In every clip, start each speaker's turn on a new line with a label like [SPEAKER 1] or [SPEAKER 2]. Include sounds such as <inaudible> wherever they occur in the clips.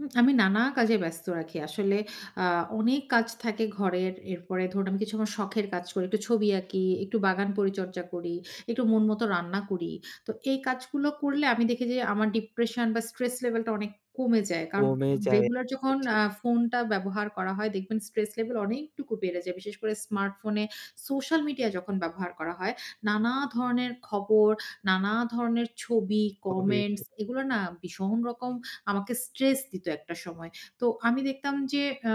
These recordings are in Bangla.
[SPEAKER 1] উম আমি নানা কাজে ব্যস্ত রাখি। আসলে আ অনেক কাজ থাকে ঘরের এরপরে ধরুন আমি কিছু আমার শখের কাজ করি, একটু ছবি আঁকি। একটু বাগান পরিচর্যা করি, একটু মন মত রান্না করি। তো এই কাজগুলো করলে আমি দেখি যে আমার ডিপ্রেশন বা স্ট্রেস লেভেলটা অনেক কমে যায়। কারণ
[SPEAKER 2] কমে যায়।
[SPEAKER 1] রেগুলার
[SPEAKER 2] তা
[SPEAKER 1] যখন
[SPEAKER 2] ঠিক।
[SPEAKER 1] আ ফোনটা ব্যবহার করা হয় দেখবেন স্ট্রেস লেভেল অনেকটুকু বেড়ে যায়। বিশেষ করে স্মার্টফোনে সোশ্যাল মিডিয়া যখন ব্যবহার করা হয় নানা ধরনের খবর, নানা ধরনের ছবি, কমেন্টস
[SPEAKER 2] <unintelligible>
[SPEAKER 1] এগুলা না ভীষণ রকম আমাকে স্ট্রেস দিত একটা সময়। তো আমি দেখতাম যে আ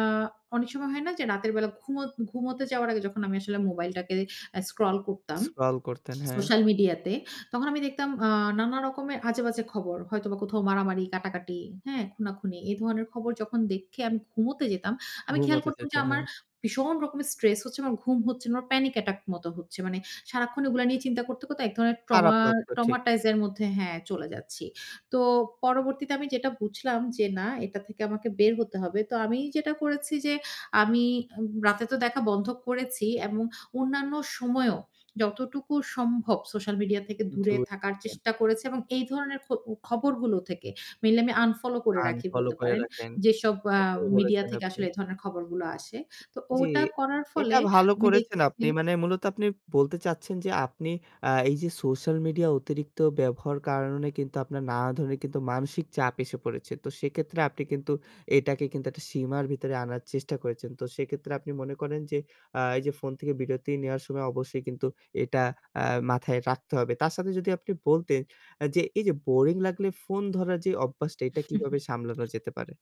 [SPEAKER 1] অনেক সময় হয় না যে রাতের বেলা ঘুমত ঘুমুতে যাওয়ার আগে যখন আমি আসলে মোবাইলটাকে আ স্ক্রল করতাম।
[SPEAKER 2] স্ক্রল করতেন, হ্যাঁ।
[SPEAKER 1] সোশ্যাল মিডিয়া তে। তখন আমি দেখতাম আ নানা রকমের আজেবাজে খবর। হয়তোবা কোথাও মারামারি, কাটাকাটি, হ্যাঁ? খুনাখুনি। এ ধরনের খবর যখন দেখে আমি ঘুমুতে যেতাম। আমি খেয়াল
[SPEAKER 2] ঘুমোতে
[SPEAKER 1] করতাম যে
[SPEAKER 2] যেতেন।
[SPEAKER 1] আমার
[SPEAKER 2] হ্যাঁ।
[SPEAKER 1] ভীষণ রকমের স্ট্রেস হচ্ছে, আমার ঘুম হচ্ছে না, আমার প্যানিক অ্যাটাক মত হচ্ছে। মানে সারাক্ষণ এগুলা নিয়ে চিন্তা করতে, করতে এক ধরনের
[SPEAKER 2] খারাপ
[SPEAKER 1] ট্রমার
[SPEAKER 2] লাগতো ঠিক।
[SPEAKER 1] ট্রমাটাইজ এর মধ্যে হ্যাঁ চলে যাচ্ছি। তো পরবর্তীতে আমি যেটা বুঝলাম যে, "না এটা থেকে আমাকে বের হতে হবে" তো আমি যেটা করেছি যে আমি এ্যা রাতে তো দেখা বন্ধ করেছি এবং অন্যান্য সময়েও যতটুকু সম্ভব সোশ্যাল মিডিয়া থেকে দূরে
[SPEAKER 2] দূর।
[SPEAKER 1] থাকার
[SPEAKER 2] এ
[SPEAKER 1] চেষ্টা করেছি এবং এই ধরনের খ খবরগুলো থেকে মেইনলি আমি আনফলো করে রাখি
[SPEAKER 2] আনফলো
[SPEAKER 1] বলতে
[SPEAKER 2] করে
[SPEAKER 1] পারেন।
[SPEAKER 2] রাখেন।
[SPEAKER 1] যেসব আ
[SPEAKER 2] এটা ভালো
[SPEAKER 1] মিডিয়া
[SPEAKER 2] বলেছেন
[SPEAKER 1] থেকে
[SPEAKER 2] আপনি।
[SPEAKER 1] আসলে এ ধরনের খবরগুলো আসে। তো
[SPEAKER 2] জি,
[SPEAKER 1] ওটা করার
[SPEAKER 2] এটা
[SPEAKER 1] ফলে
[SPEAKER 2] ভালো
[SPEAKER 1] আমি
[SPEAKER 2] করেছেন আপনি।
[SPEAKER 1] দেখেছি
[SPEAKER 2] মানে মূলত আপনি বলতে চাচ্ছেন যে, আপনি আ এই যে সোশ্যাল মিডিয়া অতিরিক্ত ব্যবহার কারণে কিন্তু আপনার নানা ধরনের কিন্তু মানসিক চাপ এসে পড়েছে। তো সেক্ষেত্রে আপনি কিন্তু এটাকে কিন্তু একটা সীমার ভিতরে আনার চেষ্টা করেছেন। তো সেক্ষেত্রে আপনি মনে করেন যে, আ এই যে ফোন থেকে বিরতি নেওয়ার সময় অবশ্যই কিন্তু এটা আ মাথায় রাখতে হবে। তার সাথে যদি আপনি বলতেন আ যে, এই যে বোরিং লাগলে ফোন ধরার যে অভ্যাসটা এটা কিভাবে সামলানো
[SPEAKER 1] <chuckles>
[SPEAKER 2] যেতে পারে?